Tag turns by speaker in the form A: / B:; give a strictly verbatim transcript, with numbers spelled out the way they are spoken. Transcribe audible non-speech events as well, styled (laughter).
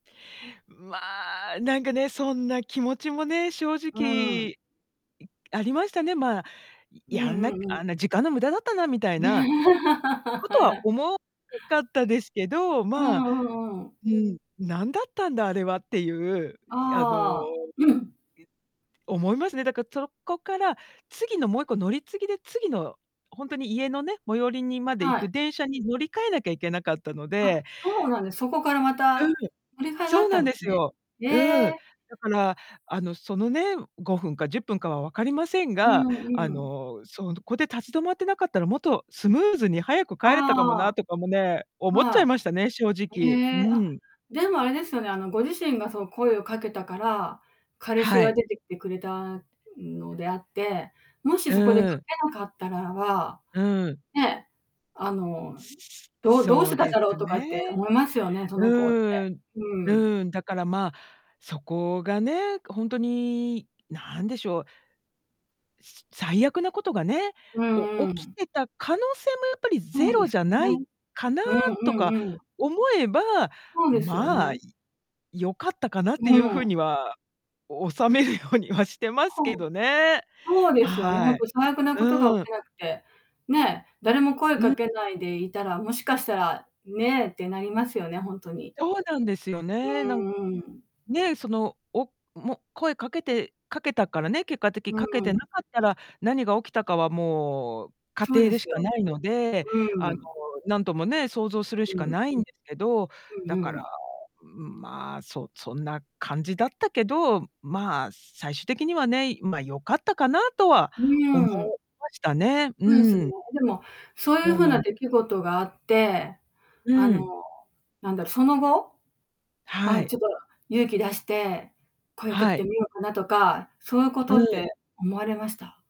A: ま、なんかね、そんな気持ちもね、正
B: う
A: 直、
B: ん。
A: いありましたね。ま、い
B: う
A: や
B: ん
A: んな
B: う
A: く
B: んうん。
A: あんな時間の無駄だったな、みたいな、
B: (chuckles)
A: こと
B: はいは
A: は
B: い。
A: 思ううかったですけど。
B: う
A: ま、
B: んうんうん。
A: うん「何だったんだあれは」っていう、いあの、ぎ
B: ああ。
A: ゅ
B: (clears throat)
A: 思いますね。だか、そこから次のもういっこ乗り継ぎで、次の、ほんとに家のね、最寄りにまで行
B: は
A: く
B: い。
A: 電車に、乗り換えなきゃいけなかったの
B: あ、
A: で
B: そう、なんでそこからま
A: うん。
B: た、乗り換えがあ
A: そ
B: っ
A: う
B: た
A: な
B: ん
A: ん
B: で
A: で
B: す
A: す
B: ね。
A: よ。
B: へ
A: うん。
B: え。
A: だからあの、そのね、ごふんかじゅっぷんかは分かりません
B: う
A: が、
B: ん
A: あ
B: うん。
A: の、そんこで立ち止まってなかったら、もっとスムーズに早く帰れたかも
B: あ
A: なとかもね、
B: あ、
A: 思っちゃい
B: は
A: ましたね、正
B: い。
A: 直。
B: へ
A: う
B: え、あ、
A: ん。
B: でもあれですよね、あの、ご自身がその声をかけたから、彼氏
A: は
B: が
A: い。
B: 出てきてくれたのであって、もしそこでか
A: うん。
B: けなかったらば、
A: うん。
B: ね、あの、
A: すすす
B: どどうし
A: そ
B: て
A: う
B: たん
A: で
B: だろう
A: す
B: とかって
A: ね。
B: 思いますよね、その子って。
A: うん。
B: うーん。
A: うん。だから、ま、そこがね、くほんとに何でしょう。す最悪なことがね、
B: う
A: お
B: んう
A: 起き
B: ん。
A: てた可能性も、やっぱり
B: そ
A: ゼ
B: うで
A: ロ
B: す
A: じゃ
B: ね。
A: ないかな
B: うんう
A: とか
B: んうん。
A: 思えば、
B: そうですよ
A: ま、い
B: ね。
A: 良かったかなって
B: う
A: いう風
B: ん。
A: には、収めるようにはしてます
B: ほ
A: け
B: ん
A: どね。
B: ほうですよね。ほん
A: は
B: と
A: い。
B: 最悪なことが
A: う
B: 起
A: ん。
B: きなくて、ね、誰も声
A: う
B: か
A: ん。
B: けないでいたら、もしかしたら、ね、ってなりますよね、ほんとに。
A: そうなんですよ
B: う
A: ね。なんか
B: ん、うん。
A: ね、その、おも声掛けて掛けたからね、結果的
B: う
A: 掛けて
B: ん。
A: なかったら、何が起きたかはもう、仮
B: そう
A: 定
B: で
A: でし
B: す
A: か
B: よ。
A: ないので、
B: う
A: あの、
B: ん。
A: なんともね、想像するし
B: う
A: か
B: ん。
A: ないんですけど。
B: う
A: だ
B: ん
A: か
B: う
A: ら、
B: ん。
A: うん、ま、そ-そんな感じだったけど、ま、最終的にはね、いま、良かったかなとは
B: う
A: 思い
B: ん。
A: ましたね。
B: ほえす
A: う
B: ね。
A: ん。
B: でも、そういう
A: そう
B: 風
A: な
B: な
A: ん
B: 出来事があって、
A: う
B: あの、
A: ん。
B: なんだろ、その後、
A: は
B: ま、
A: い。
B: ちょっと勇気出して、声をかけ
A: は
B: て
A: い。
B: みようかなとか、そういうこ
A: う
B: とっ
A: ん。
B: て思われました？